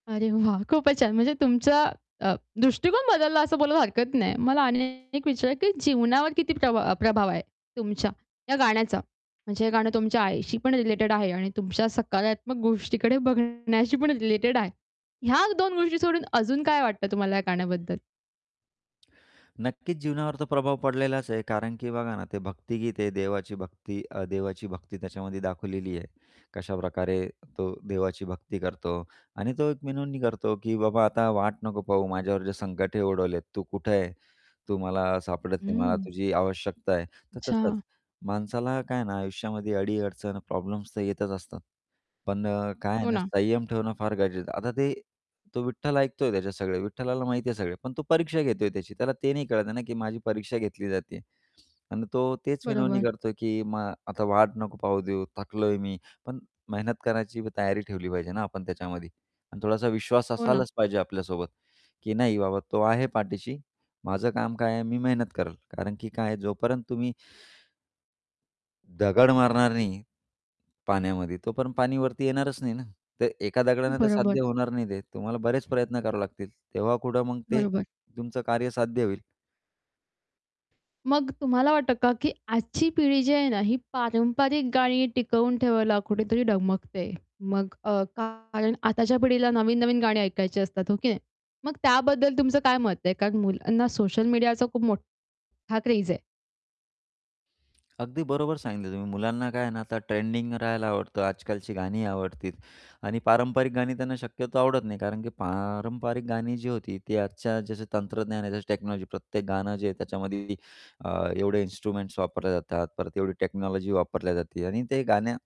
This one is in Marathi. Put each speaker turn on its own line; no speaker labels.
अरे वाह! खूपच छान! म्हणजे तुमचा अ, दृष्टिकोन बदलला असं बोलायला हरकत नाही. मला अन एक विचार की जीवनावर किती प्रभाव अ, प्रभाव आहे, तुमच्या, या गाण्याचा? म्हणजे हे गाणं तुमच्या आईशी पण रिलेटेड आहे आणि तुमच्या सकारात्मक गोष्टीकडे बघण्याशी पण रिलेटेड आहे. ह्या दोन गोष्टी सोडून अजून काय वाटतं तुम्हाला या गाण्याबद्दल?
नक्कीच जीवनावर तर प्रभाव पडलेलाच आहे. कारण की बघा ना, ते भक्तीगीत आहे. देवाची भक्ती अ, देवाची भक्ती त्याच्यामध्ये दाखवलेली आहे. कशाप्रकारे तो देवाची भक्ती करतो आणि तो एक विनवणी करतो की "बाबा आता वाट नको पाहू, माझ्यावर जे संकटे उडवलेत, तू कुठे आहे? तू मला सापडत नाही, मला
हं.
तुझी आवश्यकता आहे," तर तसंच.
अच्छा.
माणसाला काय आहे ना आयुष्यामध्ये अडी-अडचण प्रॉब्लेम्स तर येतच असतात. पण अ, काय आहे
हो
ना,
ना.
संयम ठेवणं फार गरजेचं आहे. आता ते तो विठ्ठल ऐकतोय त्याच्या सगळे, विठ्ठलाला माहिती आहे सगळे, पण तो परीक्षा घेतोय त्याची, त्याला ते नाही कळत आहे ना, की "माझी परीक्षा घेतली जातेय." आणि तो तेच विनवणी
बरोबर.
करतो की "मा आता वाट नको पाहू देऊ, थकलोय मी" पण मेहनत करण्याची पण तयारी ठेवली पाहिजे ना आपण त्याच्यामध्ये आणि थोडासा विश्वास
हो ना.
असायलाच पाहिजे आपल्यासोबत की "नाही बाबा तो आहे पाठीशी, माझं काम काय आहे मी मेहनत करेल." कारण की काय आहे, जोपर्यंत तुम्ही दगड मारणार नाही, पाण्यामध्ये, तोपर्यंत पाणी वरती येणारच नाही ना. तर एका दगडाने तर
बरोबर.
साध्य होणार नाही ते, तुम्हाला बरेच प्रयत्न करावे लागतील, तेव्हा कुठं मग ते
बरोबर.
तुमचं कार्य साध्य होईल.
मग तुम्हाला वाटतं का की आजची पिढी जी आहे ना ही पारंपरिक गाणी टिकवून ठेवायला कुठेतरी डगमगते. मग अ, कारण आताच्या पिढीला नवीन-नवीन गाणी ऐकायची असतात, हो की नाही? मग त्याबद्दल तुमचं काय मत आहे? कारण मुलांना सोशल मीडियाचा खूप मोठ्ठा क्रेझ आहे.
अगदी बरोबर सांगितलं तुम्ही मुलांना काय आहे ना, आता ट्रेंडिंग राहायला आवडतं, आजकालची गाणी आवडतील आणि पारंपरिक गाणी त्यांना शक्यतो आवडत नाही. कारण की पारंपरिक गाणी जी होती, ती आजच्या जसं तंत्रज्ञान आहे जसे टेक्नॉलॉजी, प्रत्येक गाणं जे आहे त्याच्यामध्ये अ, एवढे इन्स्ट्रुमेंट्स वापरले जातात, परत तेवढी टेक्नॉलॉजी वापरल्या जाते आणि ते गण्या